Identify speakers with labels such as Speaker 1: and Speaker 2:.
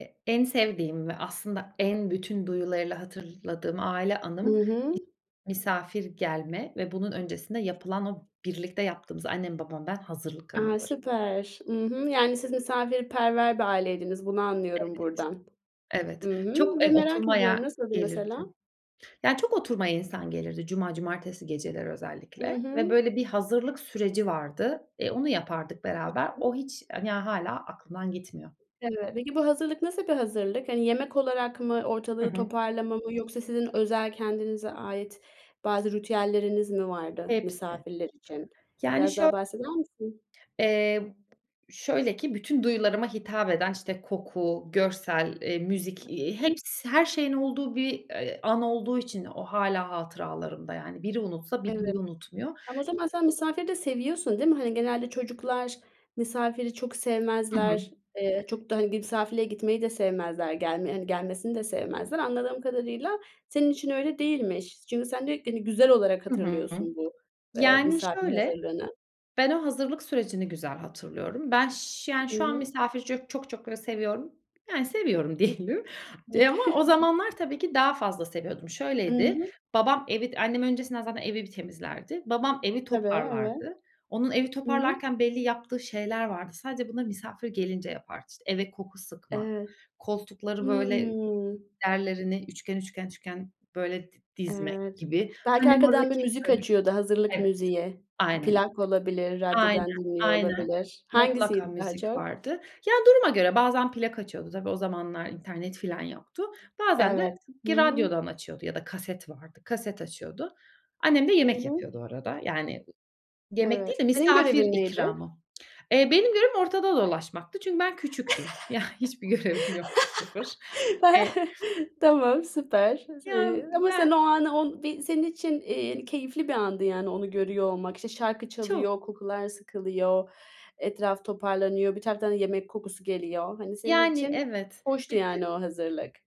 Speaker 1: E en sevdiğim ve aslında en bütün duyularıyla hatırladığım aile
Speaker 2: Hı
Speaker 1: anım
Speaker 2: hı.
Speaker 1: [unintelligible] misafir gelme ve bunun öncesinde yapılan o birlikte yaptığımız; annem, babam, ben hazırlık
Speaker 2: A!
Speaker 1: anıları.
Speaker 2: Süper. Hı hı, yani siz misafirperver bir aileydiniz, bunu
Speaker 1: Evet.
Speaker 2: anlıyorum buradan.
Speaker 1: Evet.
Speaker 2: Hı hı,
Speaker 1: Çok, eee,
Speaker 2: ve merak ediyorum
Speaker 1: oturmaya
Speaker 2: nasıldı
Speaker 1: gelirdi
Speaker 2: mesela?
Speaker 1: yani çok oturmaya insan gelirdi cuma, cumartesi geceleri
Speaker 2: Hı
Speaker 1: özellikle ve
Speaker 2: hı.
Speaker 1: böyle bir hazırlık süreci vardı. Eee, Onu yapardık beraber. O
Speaker 2: [unintelligible]
Speaker 1: hiç a ya, hâlâ aklımdan gitmiyor.
Speaker 2: Evet. Peki bu hazırlık nasıl bir hazırlık? Hani, yemek olarak mı,
Speaker 1: Hı
Speaker 2: ortalığı
Speaker 1: hı.
Speaker 2: toparlama mı yoksa sizin özel kendinize ait bazı ritüelleriniz mi vardı
Speaker 1: Hepsi.
Speaker 2: misafirler için?
Speaker 1: Yani
Speaker 2: Biraz
Speaker 1: şö
Speaker 2: daha bahseder misin?
Speaker 1: Eee, şöyle ki bütün duyularıma hitap eden, işte, koku, görsel, eee, müzik, eee,
Speaker 2: [unintelligible]
Speaker 1: heps her şeyin olduğu bir, eee, an olduğu için o hâlâ hatıralarımda yani biri unutsa bir
Speaker 2: Evet.
Speaker 1: duyu unutmuyor.
Speaker 2: Tam o zaman sen misafiri de seviyorsun, değil mi? Hani, genelde çocuklar misafiri çok
Speaker 1: Hı hı
Speaker 2: sevmezler. Eee, çok da, hani, bir misafirliğe gitmeyi de sevmezler. Gelme hani, gelmesini de sevmezler. Anladığım kadarıyla senin için öyle değilmiş. Çünkü sen diyo ki, hani, güzel olarak
Speaker 1: Hı hı.
Speaker 2: hatırlıyorsun bu, eee,
Speaker 1: Yani
Speaker 2: misafir
Speaker 1: şöyle,
Speaker 2: hazırlığını.
Speaker 1: ben o hazırlık sürecini güzel hatırlıyorum. Ben, ş yani,
Speaker 2: Hı
Speaker 1: şu an
Speaker 2: hı.
Speaker 1: misafiri ç çok çok böyle seviyorum. Yani seviyorum
Speaker 2: I
Speaker 1: diyelim, eee, ama o zamanlar tabii ki daha fazla seviyordum.
Speaker 2: I
Speaker 1: Şöyleydi:
Speaker 2: hı.
Speaker 1: Babam evi annem öncesinden zaten evi bir temizlerdi. Babam evi
Speaker 2: Tabii, evet.
Speaker 1: toparlardı. Onun evi
Speaker 2: Hı hı.
Speaker 1: toparlarken belli yaptığı şeyler vardı. Sadece bunları misafir gelince yapardı. İşte, eve koku sıkmak,
Speaker 2: Evet.
Speaker 1: koltukları böyle
Speaker 2: Hımm.
Speaker 1: yerlerini üçgen üçgen üçgen böyle dizmek
Speaker 2: Evet.
Speaker 1: gibi.
Speaker 2: Belki
Speaker 1: Annem o arada
Speaker 2: arkadan bir
Speaker 1: kek,
Speaker 2: müzik
Speaker 1: börek
Speaker 2: açıyordu, hazırlık
Speaker 1: Evet.
Speaker 2: müziği.
Speaker 1: Aynen öyle.
Speaker 2: Plak olabilir,
Speaker 1: Aynen,
Speaker 2: radyodan dinliyor
Speaker 1: aynen.
Speaker 2: olabilir.
Speaker 1: Mutlaka
Speaker 2: Hangisiydi daha
Speaker 1: müzik
Speaker 2: çok?
Speaker 1: vardı. Ya, duruma göre bazen plak açıyordu, -tabii, o zamanlar internet filan yoktu bazen de
Speaker 2: Evet, hı
Speaker 1: ki
Speaker 2: hı.
Speaker 1: radyodan açıyordu ya da kaset vardı, kaset açıyordu. Annem de
Speaker 2: Hı
Speaker 1: yemek
Speaker 2: hı.
Speaker 1: yapıyordu o arada. Yani, yemek
Speaker 2: Evet.
Speaker 1: değil de
Speaker 2: Senin
Speaker 1: misafir
Speaker 2: görevin neydi?
Speaker 1: ikramı. Eee, benim görevim ortada dolaşmaktı çünkü ben küçüktüm. Ya, hiçbir görevim yoktu, sıfır. Eee
Speaker 2: Tamam, süper.
Speaker 1: Ya,
Speaker 2: Eee, ama sen
Speaker 1: ben
Speaker 2: o anı, on bir senin için, eee, keyifli bir andı yani onu görüyor olmak. İşte, şarkı
Speaker 1: Çok.
Speaker 2: çalıyor, kokular sıkılıyor, etraf toparlanıyor, bir taraftan yemek kokusu geliyor. Hani, senin
Speaker 1: Yani,
Speaker 2: için
Speaker 1: evet.
Speaker 2: hoştu
Speaker 1: Bir de
Speaker 2: yani o hazırlık.